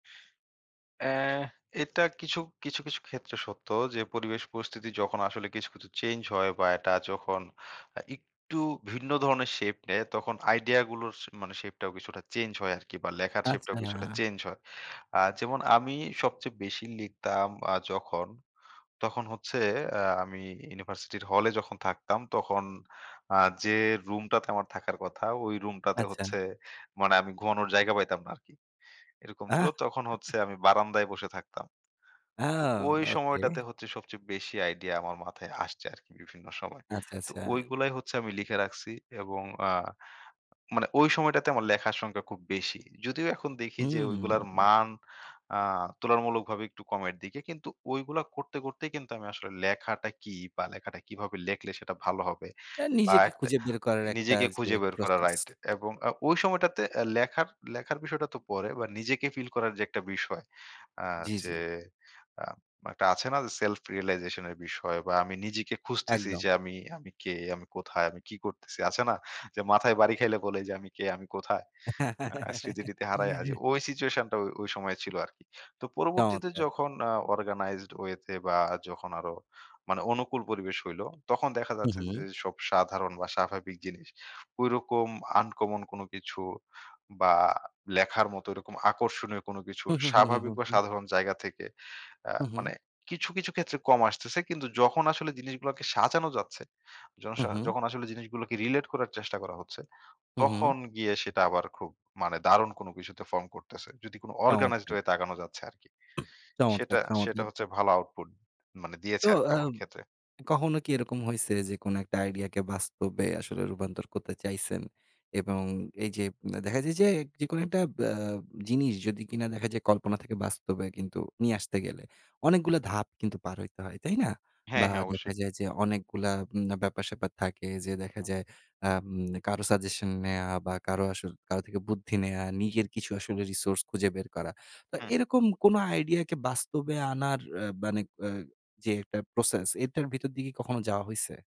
অ্যা এটা কিছু, কিছু, কিছু ক্ষেত্রে সত্য যে পরিবেশ পরিস্থিতি যখন আসলে কিছু, কিছু চেঞ্জ হয় বা এটা যখন অ্যা একটু ভিন্ন ধরনের শেপ নেয় তখন আইডিয়া গুলোর সে মানে শেপ টাও কিছুটা চেঞ্জ হয় আরকি বা লেখার শেপ টাও কিছুটা আচ্ছা। চেঞ্জ হয়। আ যেমন আমি সবচেয়ে বেশি লিখতাম আ যখন তখন হচ্ছে আ আমি ইউনিভার্সিটির হলে যখন থাকতাম তখন আ যে রুমটাতে আমার থাকার কথা ঐ রুমটাতে আচ্ছা। হচ্ছে মানে আমি ঘুমানোর জায়গা পাইতাম না আরকি। এরকম ছিল আহ। তখন হচ্ছে আমি বারান্দায় বসে থাকতাম। তো আউ! ঐ ওকে। সময়টাতে হচ্ছে সবচেয়ে বেশি আইডিয়া আমার মাথায় আসছে আরকি বিভিন্ন সময়। আচ্ছা, তো আচ্ছা। ঐগুলাই হচ্ছে আমি লিখে রাখছি এবং আ মানে ঐ সময়টাতে আমার লেখার সংখ্যা খুব বেশি। যদিও এখন দেখি যে ওইগুলার হুম। মান আ তুলনা মূলকভাবে একটু কমের দিকে। কিন্তু ঐগুলা করতে, করতেই কিন্তু আমি আসলে লেখাটা কি বা লেখাটা কিভাবে লেখলে সেটা ভালো হবে তার বা নিজেকে একটা খুঁজে বের করার একটা নিজেকে যে খুঁজে বের করা প্রসেস। রাইট এবং আ ঐ সময়টাতে অ্যা লেখার, লেখার বিষয়টা তো পরে বা নিজেকে ফিল করার যে একটা বিষয়। আ জি, যে জি। আ মা একটা আছে না self realization এর বিষয় বা আমি নিজেকে খুঁজতেছি একদম। যে, "আমি, আমি কে? আমি কোথায়, আমি কি করতেছি?" আছে না? যে মাথায় বাড়ি খাইলে বলে যে, "আমি কে? আমি কোথায়?" আ স্মৃতি-টিতি হারায়া যে ঐ সিচুয়েশনটা ওই, ওই সময়ে ছিল আরকি। তো পরবর্তীতে চমৎকার! যখন আ organized way তে বা যখন আরো মানে অনুকূল পরিবেশ হইল, তখন দেখা হুম, যাচ্ছে হুম। যেসব সাধারণ বা স্বাভাবিক জিনিস। ঐরকম uncommon কোন কিছু বা লেখার মতো ওইরকম আকর্ষণীয় কোন কিছু হুম, হুম, হুম, হুম, স্বাভাবিক হুম, হুম, বা হুম। সাধারণ জায়গা থেকে আ হু, হু। মানে কিছু, কিছু ক্ষেত্রে কম আসতেছে। কিন্তু যখন আসলে জিনিসগুলাকে সাজানো যাচ্ছে, জনস উহু। যখন আসলে জিনিসগুলোকে relate করার চেষ্টা করা হচ্ছে, উহু। তখন গিয়ে সেটা আবার খুব মানে দারুণ কোন কিছুতে form করতেছে। যদি কোন organized চমৎকার! way তে আগানো যাচ্ছে আরকি। সেটা, চমৎকার, সেটা চমৎকার! হচ্ছে ভালো output মানে দিয়েছে তো আরকি আ আমার ক্ষেত্রে। কখনো কি এরকম হইছে যে কোন একটা আইডিয়া কে বাস্তবে আসলে রূপান্তর করতে চাইছেন? এবং এই যে উম দেখা যায় যে যেকোনো একটা ব্য জিনিস যদি কিনা দেখা যায় কল্পনা থেকে বাস্তবে কিন্তু নিয়ে আসতে গেলে অনেকগুলা ধাপ কিন্তু পার হইতে হয়। তাই না? হ্যাঁ, বা হ্যাঁ দেখা অবশ্যই। যায় যে অনেকগুলা উম ব্যাপার-স্যাপার থাকে যে দেখা যায় আম কারো সাজেশন নেয়া বা কারো আসর কারো থেকে বুদ্ধি নেয়া বা নিজের কিছু আসলে resource খুঁজে বের করা। তো হুম। এরকম কোন আইডিয়া কি বাস্তবে আনার আ বানেক অ্যা যে একটা process এটার ভিতর দিকে কখনো যাওয়া হইছে?